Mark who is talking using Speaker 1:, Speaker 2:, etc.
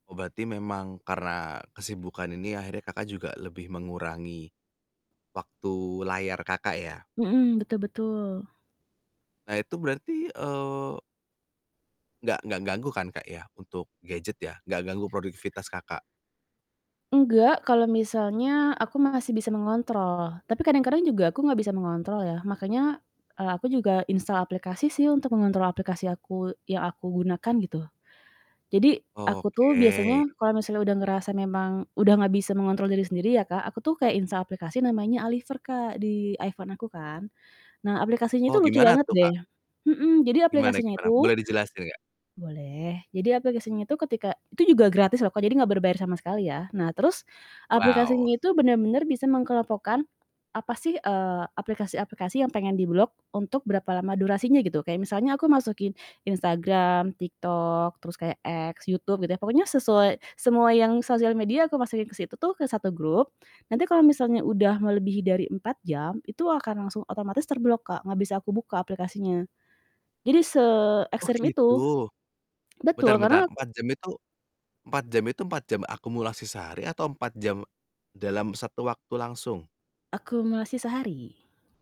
Speaker 1: Oh berarti memang karena kesibukan ini, akhirnya Kakak juga lebih mengurangi, waktu layar Kakak, ya?
Speaker 2: Mhm, betul betul.
Speaker 1: Nah, itu berarti, eee nggak nggak ganggu, kan, Kak, ya, untuk gadget, ya, nggak ganggu produktivitas Kakak?
Speaker 2: Nggak kalau misalnya aku masih bisa mengontrol. Tapi kadang-kadang juga aku nggak bisa mengontrol, ya. Makanya aku, eee, juga instal aplikasi sih untuk mengontrol aplikasi aku yang aku gunakan gitu. Jadi aku tuh
Speaker 1: Oke.
Speaker 2: biasanya kalau misalnya udah ngerasa memang udah nggak bisa mengontrol diri sendiri, ya, Kak. Aku tuh kayak instal aplikasi namanya Aliver, Kak, di iPhone aku kan. Nah aplikasinya
Speaker 1: Oh,
Speaker 2: itu lucu
Speaker 1: gimana
Speaker 2: banget
Speaker 1: tuh,
Speaker 2: deh.
Speaker 1: Kak?
Speaker 2: Mhm, jadi
Speaker 1: Gimana
Speaker 2: aplikasinya
Speaker 1: gimana,
Speaker 2: itu
Speaker 1: boleh dijelaskan nggak?
Speaker 2: Boleh. Jadi aplikasinya itu ketika itu juga gratis loh, Kak. Jadi nggak berbayar sama sekali, ya. Nah terus aplikasinya
Speaker 1: Wow.
Speaker 2: itu bener-bener bisa mengelompokkan apa sih, eee, aplikasi-aplikasi yang pengen diblok untuk berapa lama durasinya gitu. Kayak misalnya aku masukin Instagram, TikTok, terus kayak X, YouTube, gitu ya pokoknya sesuai semua yang sosial media aku masukin ke situ tuh ke satu grup, nanti kalau misalnya udah melebihi dari 4 jam, itu akan langsung otomatis terblok, Kak, nggak bisa aku buka aplikasinya. Jadi
Speaker 1: Oh
Speaker 2: seekstrem itu.
Speaker 1: gitu. Bentar
Speaker 2: Betul
Speaker 1: bentar,
Speaker 2: karena aku
Speaker 1: 4 jam itu 4 jam itu 4 jam akumulasi sehari atau 4 jam dalam satu waktu langsung?
Speaker 2: Akumulasi sehari.